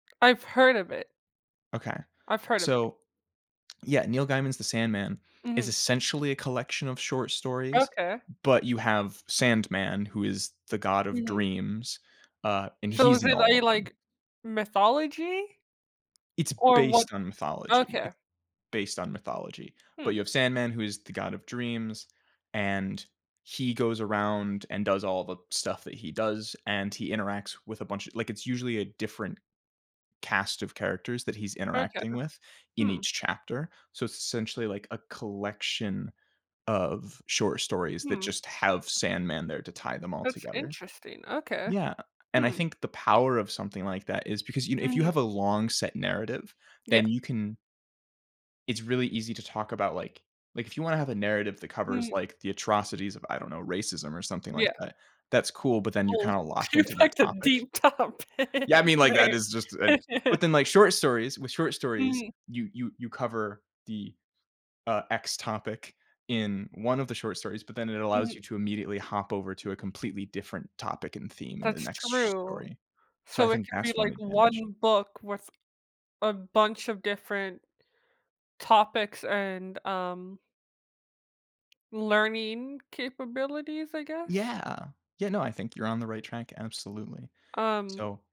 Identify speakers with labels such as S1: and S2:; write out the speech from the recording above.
S1: I've heard of it.
S2: Okay,
S1: I've heard of it.
S2: so yeah, Neil Gaiman's The Sandman is
S1: Mhm.
S2: essentially a collection of short stories,
S1: Okay.
S2: but you have Sandman, who is the god of
S1: Mhm.
S2: dreams, uh, and
S1: So
S2: he's
S1: is
S2: in
S1: it,
S2: all of
S1: like
S2: them.
S1: like, mythology?
S2: It's
S1: Or what
S2: based on mythology,
S1: okay.
S2: it's based on mythology, but
S1: Hmm.
S2: you have Sandman who is the god of dreams, and he goes around and does all the stuff that he does, and he interacts with a bunch of like, it's usually a different cast of characters that he's
S1: Okay.
S2: interacting with in
S1: Hmm.
S2: each chapter, so it's essentially, like, a collection of short stories that
S1: Hmm.
S2: just have Sandman there to tie them all
S1: That's
S2: together.
S1: interesting, okay.
S2: Yeah, and I
S1: Hmm.
S2: think the power of something like that is because you know, if you have
S1: Mhm.
S2: a long set narrative,
S1: Yeah.
S2: then you can it's really easy to talk about, like like, if you want to have a narrative that covers,
S1: Mhm.
S2: like, the atrocities of, I don't know, racism or something like
S1: Yeah.
S2: that, that's cool, but then you're
S1: Oh,
S2: kinda locked
S1: she
S2: into that
S1: picked a
S2: topic.
S1: deep topic.
S2: Yeah, I mean like that is just,
S1: [unintelligible]
S2: eh but then, like, short stories with short stories,
S1: Mhm.
S2: you you you cover the, uh, X topic in 1 of the short stories, but then it allows you
S1: Mhm.
S2: to immediately hop over to a completely different topic and theme in the
S1: That's
S2: next sh
S1: true,
S2: story. So I
S1: so it
S2: think
S1: can be,
S2: that's 1
S1: like,
S2: advantage.
S1: 1 book with a bunch of different topics and um learning capabilities, I guess?
S2: Yeah, yeah, no, I think you're on the right track, absolutely,
S1: Um
S2: so